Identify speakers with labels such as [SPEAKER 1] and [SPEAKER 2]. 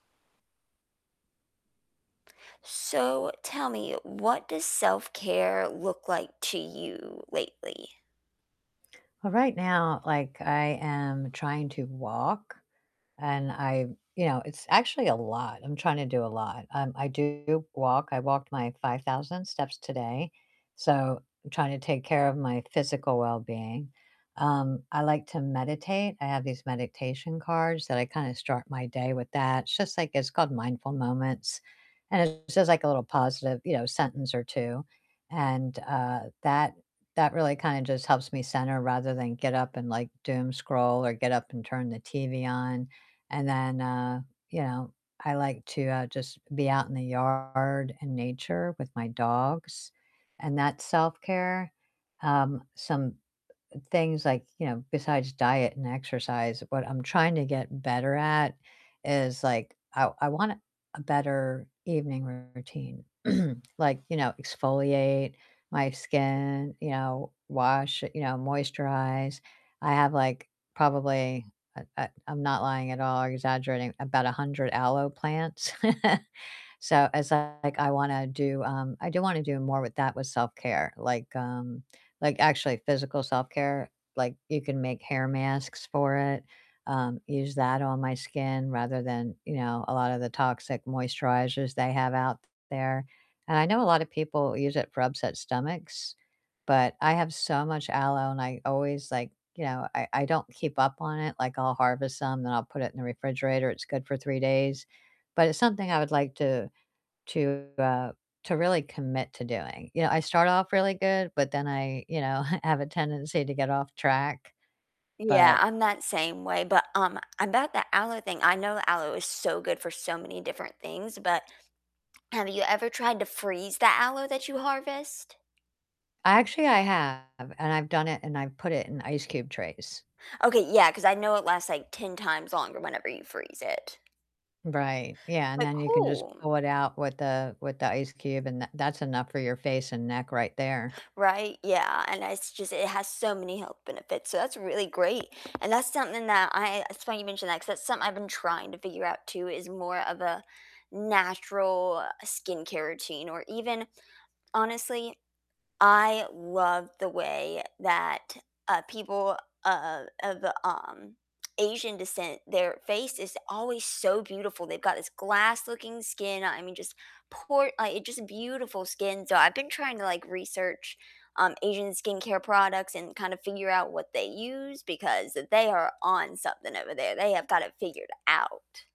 [SPEAKER 1] So tell me, what does self-care look like to you lately?
[SPEAKER 2] Well, right now, like, I am trying to walk and I you know, it's actually a lot, I'm trying to do a lot. Um, I do walk, I walked my 5,000 steps today, so I'm trying to take care of my physical wellbeing. Um, I like to meditate, I have these meditation cards that I kinda start my day with that, it's just, like it's called Mindful Moments, and it says, like, a little positive, you know, sentence or 2, and, uh, that that really kinda just helps me center rather than get up and, like, doom scroll or get up and turn the TV on, and then, uh, you know, I like to, uh, just be out in the yard and nature with my dogs, and that's self-care, um, some things, like, you know, besides diet and exercise, what I'm trying to get better at is, like, I I want a better evening routine, like, you know, exfoliate my skin, you know, wash, you know, moisturize. I have, like, probably, uh uh, I'm not lying at all or exaggerating, about 100 aloe plants, so as I like, I wanna do, um I do wanna do more with that with self-care, like, um, like actually physical self-care, like, you can make hair masks for it, um, use that on my skin rather than, you know, a lot of the toxic moisturizers they have out there. And I know a lotta people use it for upset stomachs, but I have so much aloe and I always, like, you know I I don't keep up on it, like, I'll harvest some, then I'll put it in the refrigerator, it's good for 3 days, but it's something I would like to to, uh to really commit to doing, you know, I start off really good, but then I, you know, have a tendency to get off track,
[SPEAKER 1] Yeah,
[SPEAKER 2] but
[SPEAKER 1] I'm that same way, but, um, about the aloe thing, I know aloe is so good for so many different things, but have you ever tried to freeze the aloe that you harvest?
[SPEAKER 2] Actually, I have, and I've done it, and I've put it in ice cube trays.
[SPEAKER 1] Okay, yeah, 'cause I know it lasts like 10 times longer whenever you freeze it.
[SPEAKER 2] Right, yeah, and
[SPEAKER 1] Like,
[SPEAKER 2] then you can just
[SPEAKER 1] cool.
[SPEAKER 2] pull it out with the with the ice cube and that that's enough for your face and neck right there.
[SPEAKER 1] Right, yeah, and it's just it has so many health benefits, so that's really great, and that's something that I it's funny you mention that, 'cause that's something I've been trying to figure out too, is more of a natural skincare routine or even honestly, I love the way that, uh, people of of, um, Asian descent, their face is always so beautiful, they've got this glass-looking skin. I mean, just por uh, it's just beautiful skin, so I've been trying to, like, research, um, Asian skincare products and kind of figure out what they use, because they are on something over there, they have got it figured out.